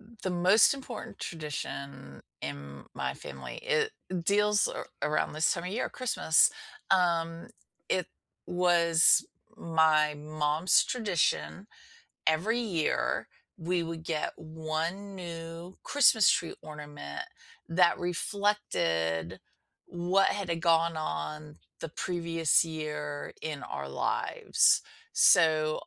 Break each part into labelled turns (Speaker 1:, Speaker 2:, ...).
Speaker 1: Mm, the most important tradition in my family, it deals a around this time of year, Christmas, um, it was my mom's tradition, every year we would get 1 new Christmas tree ornament that reflected what had gone on the previous year in our lives. So,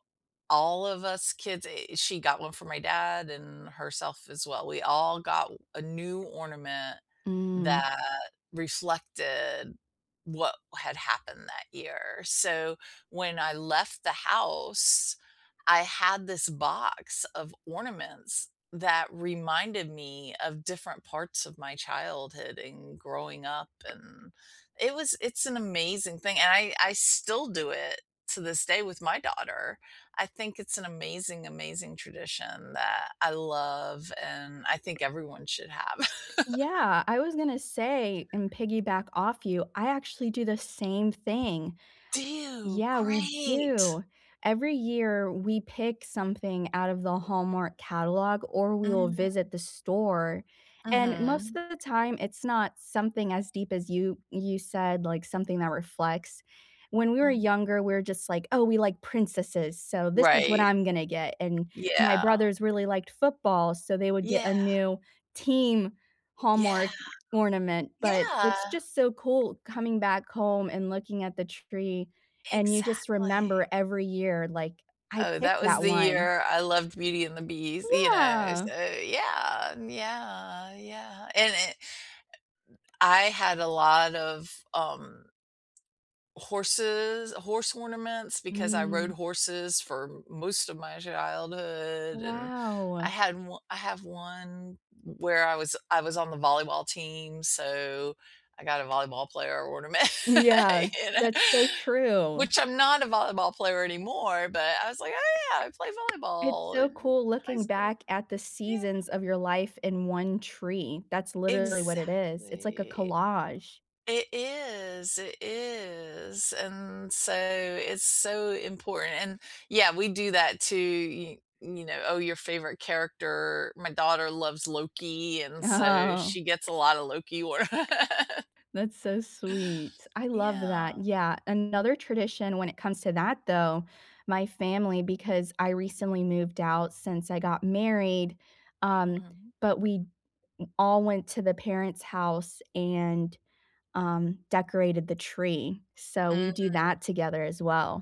Speaker 1: all of us kids eh, she got 1 for my dad and herself as well, we all got o a new ornament
Speaker 2: Mm.
Speaker 1: that reflected what had happened that year. So, when I left the house I had this box of ornaments that reminded me of different parts of my childhood and growing up and it was it's an amazing thing and I I still do it to this day with my daughter. I think it's an amazing, amazing tradition that I love and I think everyone should have.
Speaker 2: Yeah, I was gonna say, and piggyback off you, I actually do the same thing.
Speaker 1: Do you?
Speaker 2: Yeah, we
Speaker 1: Great!
Speaker 2: do. Every year, we pick something out of the Hallmark catalog, or we will
Speaker 1: Mhm.
Speaker 2: visit the store, and
Speaker 1: Mhm.
Speaker 2: most of the time it's not something as deep as you you said, like, something that reflects. When we were
Speaker 1: Mhm.
Speaker 2: younger, we're just like, "Oh, we like princesses, so this is what
Speaker 1: Right.
Speaker 2: I'm gonna get," and my
Speaker 1: Yeah.
Speaker 2: brothers really liked football, so they would get
Speaker 1: Yeah.
Speaker 2: a new team
Speaker 1: Yeah.
Speaker 2: Hallmark ornament. But
Speaker 1: Yeah!
Speaker 2: it's just so cool coming back home and looking at the tree, and you just
Speaker 1: Exactly.
Speaker 2: remember every year like, "I
Speaker 1: Oh,
Speaker 2: picked
Speaker 1: that was
Speaker 2: that
Speaker 1: the
Speaker 2: one."
Speaker 1: year I loved Beauty and the Beast, you know,
Speaker 2: Yeah.
Speaker 1: so, yeah, yeah, yeah, and it I had a lot of, um horses horse ornaments because I rode
Speaker 2: Mm.
Speaker 1: horses for most of my childhood and I
Speaker 2: Wow!
Speaker 1: had o I have one w where I was I was on the volleyball team, so I got a volleyball player ornament,
Speaker 2: Yeah,
Speaker 1: you know.
Speaker 2: that's so true.
Speaker 1: Which I'm not a volleyball player anymore, but I was like, "Oh yeah! I played
Speaker 2: It's
Speaker 1: volleyball
Speaker 2: so
Speaker 1: in
Speaker 2: cool
Speaker 1: high
Speaker 2: looking
Speaker 1: school."
Speaker 2: back at the
Speaker 1: Yeah.
Speaker 2: seasons of your life in 1 tree. That's literally what it is, it's like a
Speaker 1: Exactly.
Speaker 2: collage.
Speaker 1: It is, it is, and so it's so important, and, yeah, we do that too, y you know, oh, your favorite character my daughter loves Loki, and so
Speaker 2: Oh.
Speaker 1: she gets a lotta Loki orna
Speaker 2: That's so sweet. I love that,
Speaker 1: Yeah.
Speaker 2: yeah, another tradition, when it comes to that though, my family because I recently moved out since I got married, um,
Speaker 1: Mhm.
Speaker 2: but we all went to the parents' house and, um, decorated the tree; so we do
Speaker 1: Mm.
Speaker 2: that together as well.